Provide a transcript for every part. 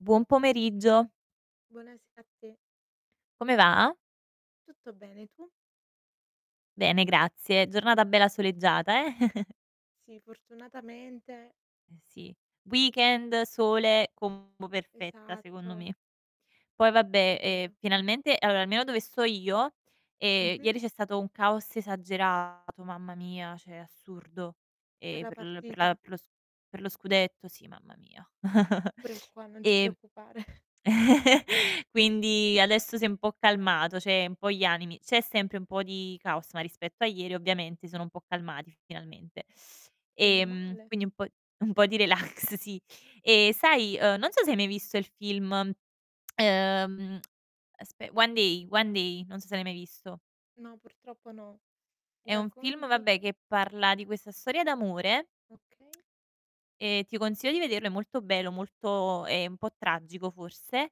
Buon pomeriggio. Buonasera a te. Come va? Tutto bene, tu? Bene grazie, giornata bella soleggiata eh? Sì, fortunatamente. Eh sì. Weekend, sole, combo perfetta secondo Esatto. me. Poi È vabbè, ehm, vero. finalmente, allora almeno dove sto io, ehm, Mh-mh. ieri c'è stato un caos esagerato, mamma mia, cioè assurdo. Per Eh la per l per partita? la per lo s per lo scudetto, sì, mamma mia. Pure qua, non ti E preoccupare. quindi adesso si è un po' calmato, cioè un po' gli animi, c'è sempre un po' di caos, ma rispetto a ieri ovviamente sono un po' calmati finalmente. Meno Ehm, male. quindi un po' un po' di relax, sì. E, sai, uhm, non so se hai mai visto il film, ehm, aspe One day, One day, non so se l'hai mai visto. No, purtroppo no. Mi È un film, racconti? vabbè, che parla di questa storia d'amore Okay. e ti consiglio di vederlo, è molto bello, molto è un po' tragico forse.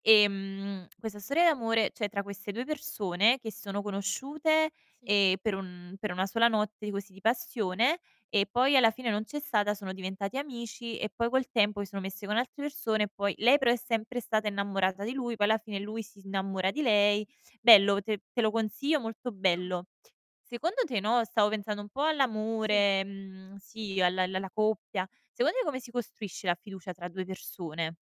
Ehm, questa storia d'amore, cioè tra queste 2 persone che sono conosciute, Sì. ehm, per un per una sola notte, così, di passione, e poi alla fine non c'è stata, sono diventati amici, e poi col tempo si sono messi con altre persone, e poi lei però è sempre stata innamorata di lui, poi alla fine lui si innamora di lei. Bello, te te lo consiglio, molto Ah. bello. Secondo te, no, stavo pensando un po' Sì. all'amore, mhmm, sì, al al alla coppia. Secondo te come si costruisce la fiducia tra 2 persone?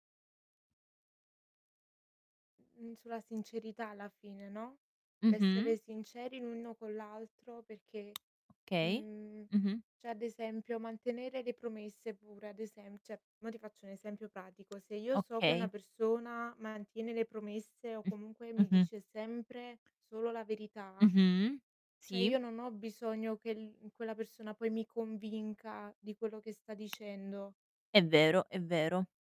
Mhmm, sulla sincerità alla fine, no, Mh-mh. l'essere sinceri l'uno con l'altro perché, Okay. mhmm, Mh-mh. cioè ad esempio, mantenere le promesse, pure, ad esem cioè mo ti faccio un esempio pratico, se io so che Okay. una persona mantiene le promesse o Mh. comunque mi Mh-mh. dice sempre solo la verità, Mh-mh. cioè Sì. io non ho bisogno che l quella persona poi mi convinca di quello che sta dicendo. È vero, è vero.